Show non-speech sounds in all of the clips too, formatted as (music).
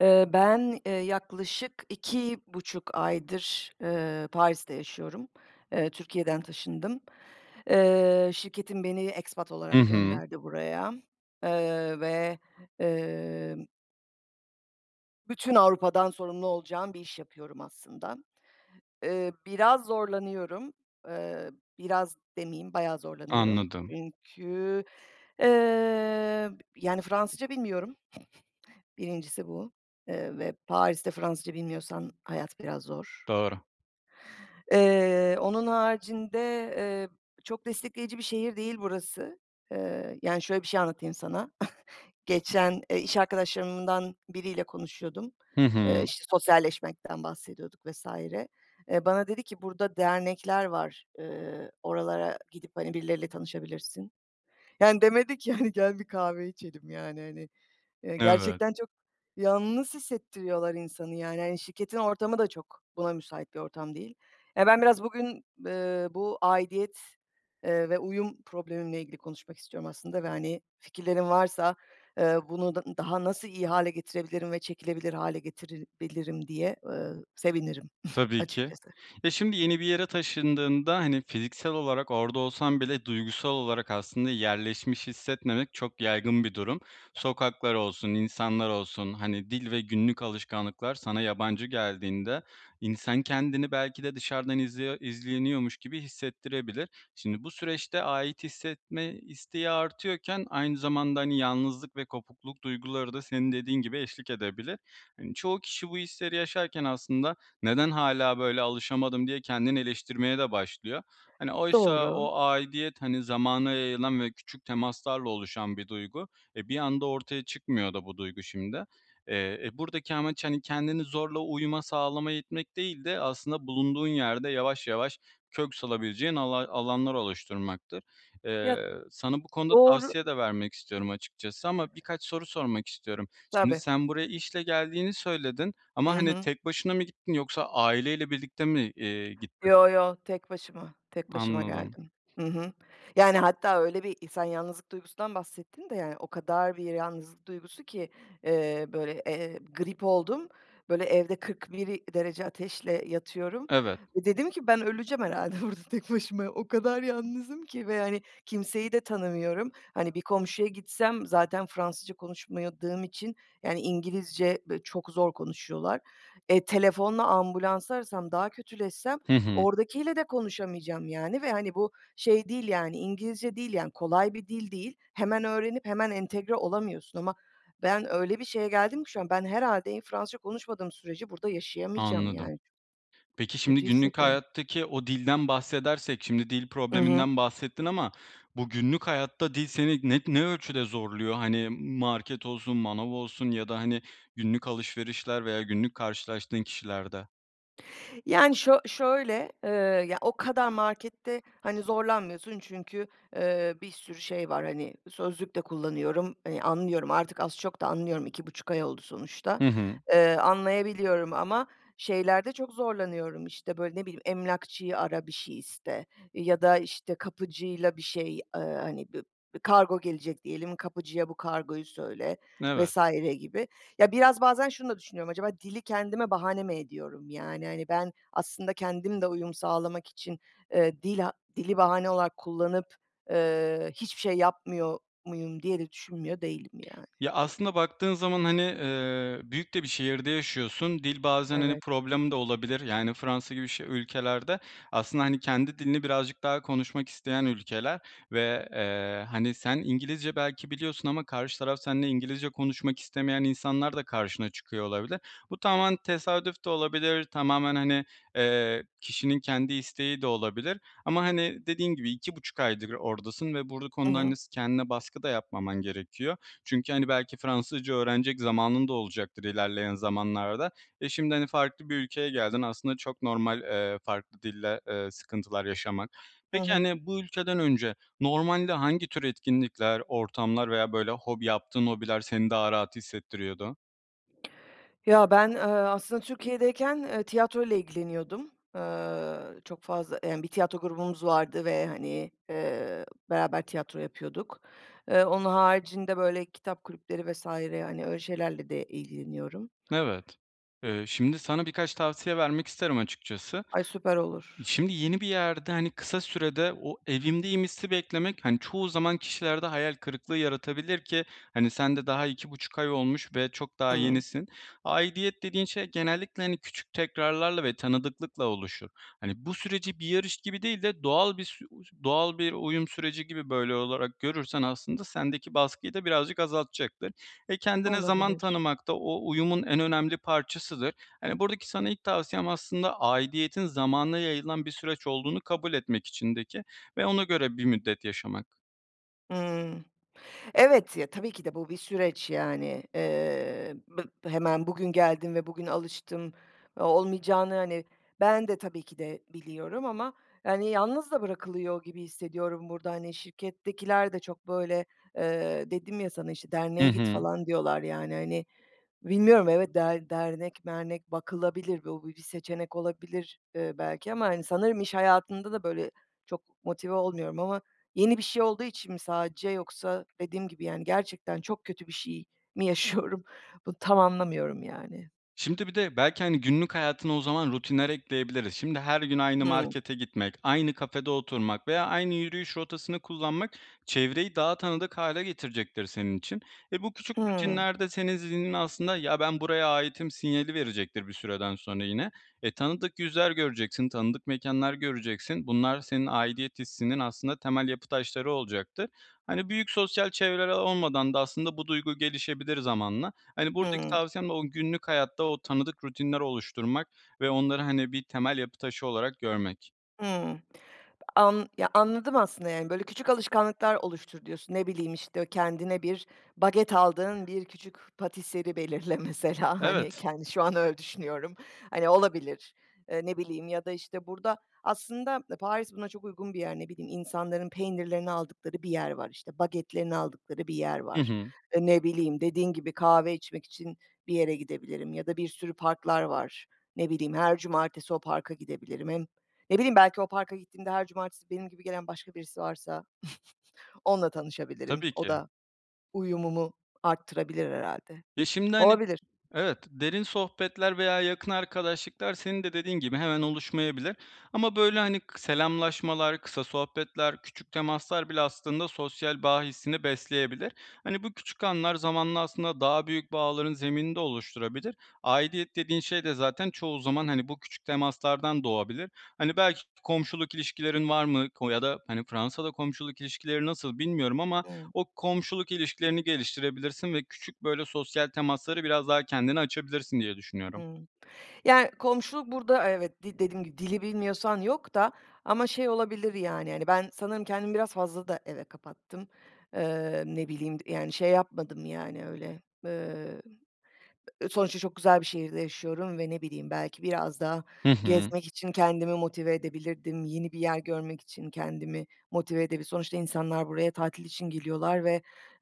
Eee, ben, eee, yaklaşık 2,5 aydır, ııı, Paris'te yaşıyorum. Eee, Türkiye'den taşındım. Eee, şirketim beni expat Hı olarak hı. gönderdi buraya, ııı, ve, ımm bütün Avrupa'dan sorumlu olacağım bir iş yapıyorum aslında. Eee, biraz zorlanıyorum, eee, biraz demeyeyim bayağı zorlanıyorum, Anladım. çünkü, eee, b b yani Fransızca bilmiyorum, (snorts) 1.'si bu, eee, ve Paris'te Fransızca bilmiyorsan hayat biraz zor. Doğru. Eee, onun haricinde, eee, çok destekleyici bir şehir değil burası, eee, yani şöyle bir şey anlatayım sana: (chuckles) Geçen, eee, iş arkadaşlarımdan biriyle konuşuyordum, Hı eee, hı. işte sosyalleşmekten bahsediyorduk vs. Eee, bana dedi ki burada dernekler var, ııı, oralara gidip, hani, birileriyle tanışabilirsin. Yani demedi ki, hani gel bir kahve içelim, yani, hani, eee, Evet. gerçekten çok yalnız hissettiriyorlar insanı, yani, hani, şirketin ortamı da çok buna müsait bir ortam değil. Ya, ben biraz bugün, eee, bu aidiyet, eee, ve uyum problemimle ilgili konuşmak istiyorum aslında ve, hani, fikirlerin varsa, eee, bunu d daha nasıl iyi hâle getirebilirim ve çekilebilir hâle getirebilirim diye, eee, sevinirim (chuckles) Tabii ki. açıkçası. Ya, şimdi yeni bir yere taşındığında, hani, fiziksel olarak orada olsan bile duygusal olarak aslında yerleşmiş hissetmemek çok yaygın bir durum. Sokaklar olsun, insanlar olsun, hani dil ve günlük alışkanlıklar sana yabancı geldiğinde, insan kendini belki de dışarıdan izliyo izleniyormuş gibi hissettirebilir. Şimdi, bu süreçte ait hissetme isteği artıyorken aynı zamanda, hani, yalnızlık ve kopukluk duyguları da senin dediğin gibi eşlik edebilir. Hani, çoğu kişi bu hisleri yaşarken aslında "Neden hâlâ böyle alışamadım?" diye kendini eleştirmeye de başlıyor. Hani, oysa Doğru. o aidiyet, hani, zamana yayılan ve küçük temaslarla oluşan bir duygu. E, bir anda ortaya çıkmıyor da bu duygu şimdi. Eee, e, buradaki amaç, hani, kendini zorla uyuma sağlamaya itmek değil de aslında bulunduğun yerde yavaş yavaş kök salabileceğin alay alanlar oluşturmaktır. Ya Eee, sana bu konuda Doğru. tavsiye de vermek istiyorum açıkçası ama birkaç soru sormak istiyorum. Şimdi Tabii. sen buraya işle geldiğini söyledin I ama, hani, hı. tek başına mı gittin, yoksa aileyle birlikte mi, eee, gittin? Yo yo, tek başıma, tek başıma Anladım. geldim. Hı hı. Yani, hatta öyle bir i sen yalnızlık duygusundan bahsettin de, yani, o kadar bir yalnızlık duygusu ki, eee, böyle, eee, grip oldum, böyle, evde 41 derece ateşle yatıyorum Evet. ve dedim ki ben öleceğim herhâlde burada tek başıma o kadar yalnızım ki ve hani kimseyi de tanımıyorum, hani, bir komşuya gitsem zaten Fransızca konuşamadığım için, yani, İngilizce böyle çok zor konuşuyorlar. E, telefonla ambulansı arasam, daha kötüleşsem Hı hı. oradakiyle de konuşamayacağım, yani, ve, hani, bu şey değil, yani, İngilizce değil, yani, kolay bir dil değil, hemen öğrenip hemen entegre olamıyorsun ama ben öyle bir şeye geldim ki şu an, ben herhâlde iyi Fransızca konuşmadığım sürece burada yaşayamayacağım Anladım. yani Peki, şimdi kötü günlük hissediyorum. hayattaki o dilden bahsedersek, şimdi dil I hı. probleminden bahsettin ama bu günlük hayatta dil seni ne, ne ölçüde zorluyor? Hani, market olsun, manav olsun ya da, hani, günlük alışverişler veya günlük karşılaştığın kişilerde? Yani, şö şöyle, ııı, ya o kadar markette, hani, zorlanmıyorsun çünkü, eee, bir sürü şey var, hani, sözlük de kullanıyorum, eee, anlıyorum, artık az çok da anlıyorum. 2,5 ay oldu sonuçta. Hı hı. Eee, anlayabiliyorum ama şeylerde çok zorlanıyorum. İşte, böyle, ne bileyim? Emlakçıyı ara, bir şey iste ya da işte kapıcıyla bir şey. Eee, hani, b b kargo gelecek diyelim, kapıcıya bu kargoyu söyle Evet. vs. gibi. Ya, biraz bazen şunu da düşünüyorum. Acaba dili kendime bahane mi ediyorum? Yani, hani, ben aslında kendim de uyum sağlamak için, eee, dila dili bahane olarak kullanıp, eee, hiçbir şey yapmıyor muyum diye de düşünmüyor değilim yani. Ya, aslında baktığın zaman, hani, eee, büyük de bir şehirde yaşıyorsun. Dil bazen, hani, Evet. problem de olabilir, yani, Fransa gibi ş ülkelerde aslında, hani, kendi dilini birazcık daha konuşmak isteyen ülkeler ve, eee, hani, sen İngilizce belki biliyorsun ama karşı taraf seninle İngilizce konuşmak istemeyen insanlar da karşına çıkıyor olabilir. Bu tamamen tesadüf de olabilir, tamamen, hani, eee, kişinin kendi isteği de olabilir ama, hani, dediğin gibi 2,5 aydır oradasın ve bur Hı konu da, hı. hani, s kendine baskı da yapmaman gerekiyor. Çünkü, hani, belki Fransızca öğrenecek zamanın da olacaktır ilerleyen zamanlarda ve şimdi, hani, farklı bir ülkeye geldin. Aslında çok normal, eee, farklı dille, eee, sıkıntılar yaşaman. Hı Peki, hı. hani, bu ülkeden önce normalde hangi tür etkinlikler, ortamlar veya, böyle, hobi yaptığın hobiler seni daha rahat hissettiriyordu? Ya ben, ııı, aslında Türkiye'deyken, ııı, tiyatroyla ilgileniyordum, eee, çok fazla, emm, bir tiyatro grubumuz vardı ve, hani, eee, beraber tiyatro yapıyorduk. Eee, onun haricinde böyle kitap kulüpleri vs. hani, öyle şeylerle de ilgileniyorum. Evet. Eee, şimdi sana birkaç tavsiye vermek isterim açıkçası. Ay, süper olur. Şimdi yeni bir yerde, hani, kısa sürede o evimdeyim hissi beklemek, hani, çoğu zaman kişilerde hayal kırıklığı yaratabilir ki, hani, sen de daha 2,5 ay olmuş ve çok daha Hıı. yenisin. Aidiyet dediğin şey genellikle, hani, küçük tekrarlarla ve tanıdıklıkla oluşur. Hani, bu süreci bir yarış gibi değil de doğal bir sü (unintelligible) doğal bir uyum süreci gibi, böyle, olarak görürsen aslında sendeki baskıyı da birazcık azaltacaktır ve kendine zaman Olabilir. tanımak da o uyumun en önemli parçasıdır. Hani, buradaki sana ilk tavsiyem aslında aidiyetin zamana yayılan bir süreç olduğunu kabul etmek içindeki ve ona göre bir müddet yaşamak. Hıı. Evet, ya, tabii ki de bu bir süreç yani. Iıı, bı hemen bugün geldim ve bugün alıştım o olmayacağını, hani, ben de tabii ki de biliyorum ama, hani, yalnız da bırakılıyor gibi hissediyorum burada, hani, şirkettekiler de çok böyle, ııı, dedim ya sana işte Hı derneğe git hı. falan diyorlar, yani, hani, bilmiyorum evet, der dernek mernek bakılabilir, bu bi bir seçenek olabilir, ııı, belki. Ama, hani, sanırım iş hayatında da böyle çok motive olmuyorum. Ama yeni bir şey olduğu için mi sadece yoksa dediğim gibi yani, gerçekten çok kötü bir şey mi yaşıyorum? Bunu tam anlamıyorum, yani. Şimdi bir de, belki, hani, günlük hayatına o zaman rutinler ekleyebiliriz. Şimdi, her gün aynı Hıı. markete gitmek, aynı kafede oturmak veya aynı yürüyüş rotasını kullanmak, çevreyi daha tanıdık hâle getirecektir senin için. E, bu küçük Hıı. rutinler de senin zihninin aslında, “Ya ben buraya aitim“ sinyali verecektir bir süreden sonra yine. E, tanıdık yüzler göreceksin, tanıdık mekânlar göreceksin. Bunlar, senin aidiyet hissinin aslında temel yapı taşları olacaktır. Hani, büyük sosyal çevreler olmadan da aslında bu duygu gelişebilir zamanla. Hani, buradaki Hıı. tavsiyem de o günlük hayatta, o tanıdık rutinler oluşturmak ve onları, hani, bir temel yapı taşı olarak görmek. Hıı. An Ya, anladım aslında, yani, böyle, küçük alışkanlıklar oluştur, diyorsun, ne bileyim, işte, kendine bir baget aldığın, bir küçük pâtisserie belirle mesela, hani, Evet. kendi şu an öyle düşünüyorum. Hani olabilir, eee, ne bileyim ya da işte burada aslında Paris buna çok uygun bir yer. Ne bileyim, insanların peynirlerini aldıkları bir yer var, işte bagetlerini aldıkları bir yer Hı var. hı. E, ne bileyim, dediğin gibi kahve içmek için bir yere gidebilirim ya da bir sürü parklar var. Ne bileyim, her cumartesi o parka gidebilirim. Hem ne bileyim belki o parka gittiğimde her cumartesi benim gibi gelen başka birisi varsa (snorts) onunla tanışabilirim, Tabii o ki. da uyumumu arttırabilir herhâlde. Ya şimdi, hani Olabilir. Evet, derin sohbetler veya yakın arkadaşlıklar senin de dediğin gibi hemen oluşmayabilir. Ama, böyle, hani, k selamlaşmalar, kısa sohbetler, küçük temaslar bile aslında sosyal bağ hissini besleyebilir. Hani, bu küçük anlar, zamanla aslında daha büyük bağların zeminini de oluşturabilir. Aidiyet dediğin şey de zaten çoğu zaman, hani, bu küçük temaslardan doğabilir. Hani, belki komşuluk ilişkilerin var mı ko ya da, hani, Fransa'da komşuluk ilişkileri nasıl bilmiyorum ama Hıı. o komşuluk ilişkilerini geliştirebilirsin ve küçük, böyle, sosyal temaslara biraz daha kendine açabilirsin diye düşünüyorum. Hıı. Yani, komşuluk burada, evet, de dediğim gibi dili bilmiyorsan yok da. Ama şey olabilir, yani, hani, ben, sanırım kendimi biraz fazla da eve kapattım. Eee, ne bileyim, yani, şey yapmadım, yani, öyle. Eee, sonuçta çok güzel bir şehirde yaşıyorum ve ne bileyim, belki biraz daha Hı hı. gezmek için kendimi motive edebilirdim, yeni bir yer görmek için kendimi motive edebi Sonuçta insanlar buraya tatil için geliyorlar ve,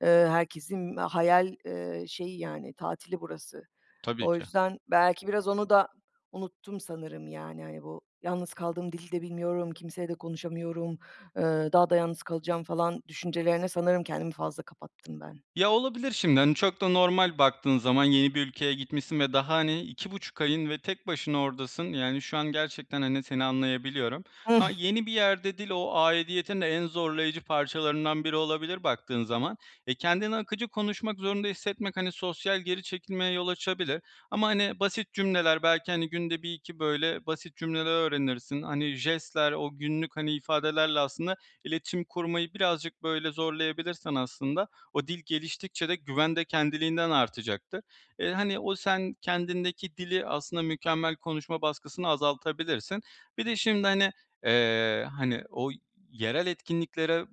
eee, herkesin hayal, eee, şeyi, yani, tatili burası. Tabii O ki. yüzden, belki biraz onu da unuttum sanırım, yani, hani, bu yalnız kaldım, dili de bilmiyorum, kimseyle de konuşamıyorum, eee, daha da yalnız kalacağım, falan, düşüncelerine sanırım kendimi fazla kapattım ben. Ya, olabilir şimdi, hani, çok da normal baktığın zaman, yeni bir ülkeye gitmişsin ve daha, hani, 2,5 ayın ve tek başına oradasın, yani, şu an gerçekten, hani, seni anlayabiliyorum. A (chuckles) yeni bir yerde dil, o aidiyetin de en zorlayıcı parçalarından biri olabilir baktığın zaman. Eee, kendini akıcı konuşmak zorunda hissetmek, hani, sosyal geri çekilmeye yol açabilir ama, hani, basit cümleler belki, hani, günde 1-2, böyle, basit cümleler öğrenirsin, hani, jestler, o günlük, hani, ifadelerle, aslında, iletişim kurmayı birazcık böyle zorlayabilirsen, aslında, o dil geliştikçe de güven de kendiliğinden artacaktır. Eee, hani, o sen kendindeki dili, aslında, mükemmel konuşma baskısını azaltabilirsin. Bir de şimdi, hani, eee, hani, o yerel etkinliklere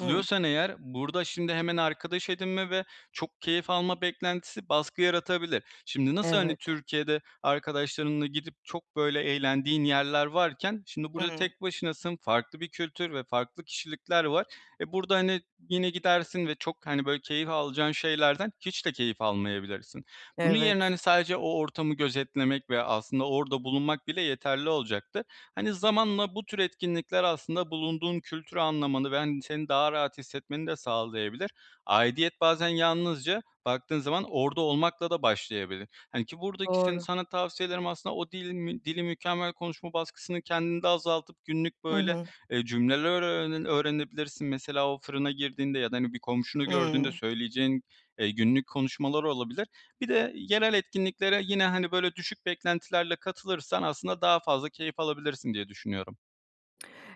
Hıı. eğer burada, şimdi, hemen arkadaş edinme ve çok keyif alma beklentisi baskı yaratabilir. Şimdi nasıl, hani, Evet. Türkiye'de arkadaşlarınla gidip çok, böyle, eğlendiğin yerler varken şimdi burada Hıı. tek başınasın, farklı bir kültür ve farklı kişilikler var. E, burada, hani, yine gidersin ve çok, hani, böyle, keyif alacağın şeylerden hiç de keyif almayabilirsin. Bunun yerine, Evet. hani, sadece o ortamı gözetlemek ve aslında orada bulunmak bile yeterli olacaktır. Hani, zamanla bu tür etkinlikler aslında bulunduğun kültürü anlamanı ve, hani, seni daha rahat hissetmeni de sağlayabilir. Aidiyet bazen yalnızca, baktığın zaman, orada olmakla da başlayabilir. Hani, ki buradaki sen Doğru. sana tavsiyelerim aslında o dili mi dili mükemmel konuşma baskısını kendinde azaltıp günlük I böyle, hı. eee, cümleler öğrene öğrenebilirsin. Mesela, o fırına girdiğinde ya da, hani, bir komşunu gördüğünde Hıı. söyleyeceğin, eee, günlük konuşmalar olabilir. Bir de yerel etkinliklere yine, hani, böyle, düşük beklentilerle katılırsan aslında daha fazla keyif alabilirsin diye düşünüyorum.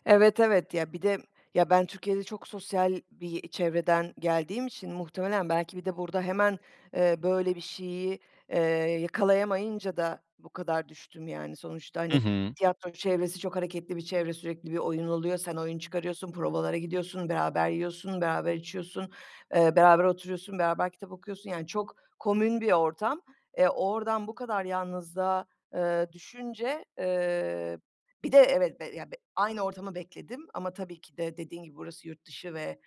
Evet, evet. Ya, bir de, ya, ben Türkiye'de çok sosyal bir çevreden geldiğim için muhtemelen belki bir de burada hemen, eee, böyle bir şeyi, eee, yakalayamayınca da bu kadar düştüm, yani, sonuçta, Hı hani, hı. tiyatro çevresi çok hareketli bir çevre; sürekli bir oyun oluyor, sen oyun çıkarıyorsun, provalara gidiyorsun, beraber yiyorsun, beraber içiyorsun, eee, beraber oturuyorsun, beraber kitap okuyorsun, yani, çok komün bir ortam. E, oradan bu kadar yalnızlığa, eee, düşünce, eee, bir de evet, b ya, b aynı ortamı bekledim ama tabii ki de dediğin gibi burası yurt dışı ve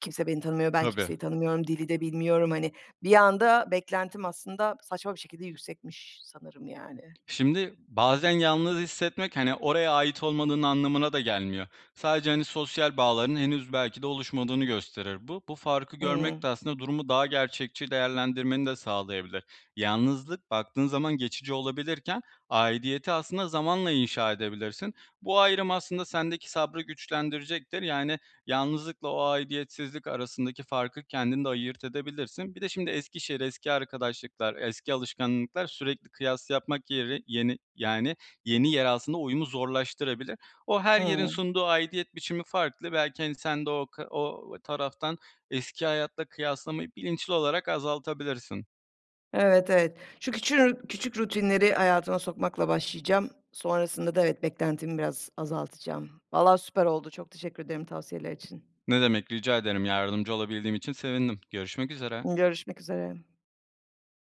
kimse beni tanımıyor, ben Tabii. kimseyi tanımıyorum, dili de bilmiyorum, hani, bir anda beklentim aslında saçma bir şekilde yüksekmiş sanırım yani. Şimdi, bazen yalnız hissetmek, hani, oraya ait olmanın anlamına da gelmiyor. Sadece, hani, sosyal bağlarının henüz belki de oluşmadığını gösterir bu. Bu farkı görmek de Hıı. aslında durumu daha gerçekçi değerlendirmeni de sağlayabilir. Yalnızlık, baktığın zaman geçici olabilirken aidiyeti aslında zamanla inşa edebilirsin. Bu ayrım aslında sendeki sabrı güçlendirecektir, yani, yalnızlıkla o aidiyetsizlik arasındaki farkı kendin de ayırt edebilirsin. Bir de şimdi eski şehir, eski arkadaşlıklar, eski alışkanlıklar sürekli kıyas yapmak yeri yeni, yani, yeni yer aslında uyumu zorlaştırabilir. O her yerin Hıı. sunduğu aidiyet biçimi farklı, belki, hani, sen de o k o taraftan eski hayatla kıyaslamayı bilinçli olarak azaltabilirsin. Evet, evet. Şu küçü küçük rutinleri hayatıma sokmakla başlayacağım, sonrasında da evet, beklentimi biraz azaltacağım. Vallahi süper oldu, çok teşekkür ederim tavsiyeler için. Ne demek rica ederim, yardımcı olabildiğim için sevindim. Görüşmek üzere. Görüşmek üzere.